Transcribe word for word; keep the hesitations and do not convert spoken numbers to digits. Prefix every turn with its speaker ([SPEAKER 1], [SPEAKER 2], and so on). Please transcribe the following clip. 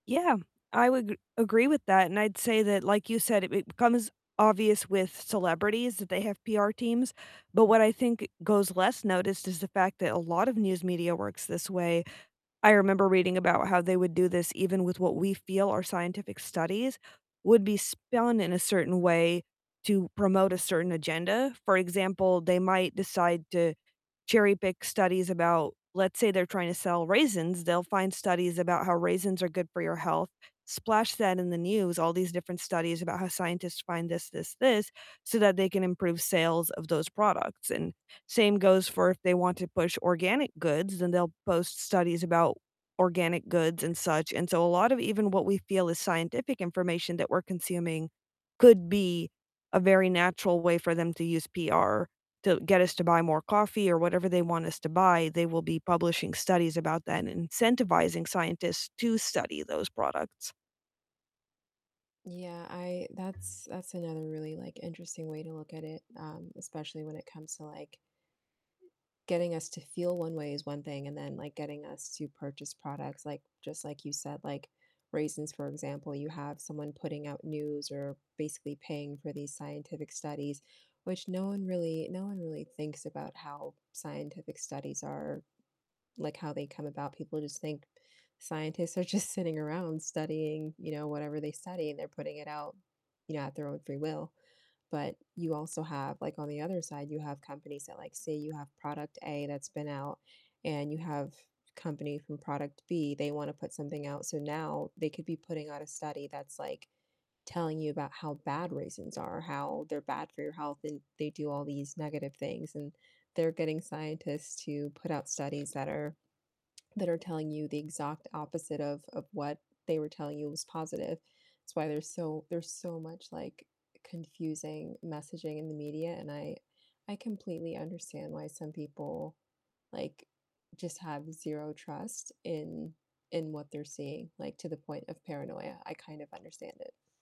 [SPEAKER 1] Yeah, I would g agree with that, and I'd say that- like you said- it it becomes obvious with celebrities that they have PR teams, but what I think goes less noticed is the fact that a lot of news media works this way. I remember reading about how they would do this even with what we feel are scientific studies would be spun in a certain way to promote a certain
[SPEAKER 2] Mhm.
[SPEAKER 1] agenda, for example, they might decide to cherry pick studies about let's say they're tryna sell raisins, they'll find studies about how raisins are good for your health, splash that in the news, all these different studies about how scientists find this, this, this, so that they can improve sales of those products, and same goes for if they want to push organic goods, then they'll post studies about organic goods and such, and so a lot of even what we feel is scientific information that we're consuming could be a very natural way for them to use PR to get us to buy more coffee or whatever they want us to buy, they will be publishing studies about that and incentivizing scientists to study those products.
[SPEAKER 2] Yeah, I that's that's another really, like, interesting way to look at it, um, especially when it comes to, like, getting us to feel one way is one thing, and then, like, getting us to purchase products, like just like you said, like raisins, for example, you have someone putting out news or basically paying for these scientific studies, which no one really no one really thinks about how scientific studies are, like, how they come about, people just think scientists are just sitting around studying, you know, whatever they study, and they're putting it out, you know, at their own free will, but you also have like, on the other side, you have companies that, like say you have product A that's been out, and you have company from product B, they wanna put something out, so now they could be putting out a study that's, like, telling you about how bad raisins are, how they're bad for your health, and they do all these negative things, and they're getting scientists to put out studies that are that are telling you the exact opposite of of what they were telling you was positive, it's why there's so there's so much, like, confusing messaging in the media, and I I completely understand why some people, like, just have zero trust in in what they're seeing, like to the point of paranoia, I kind of understand it.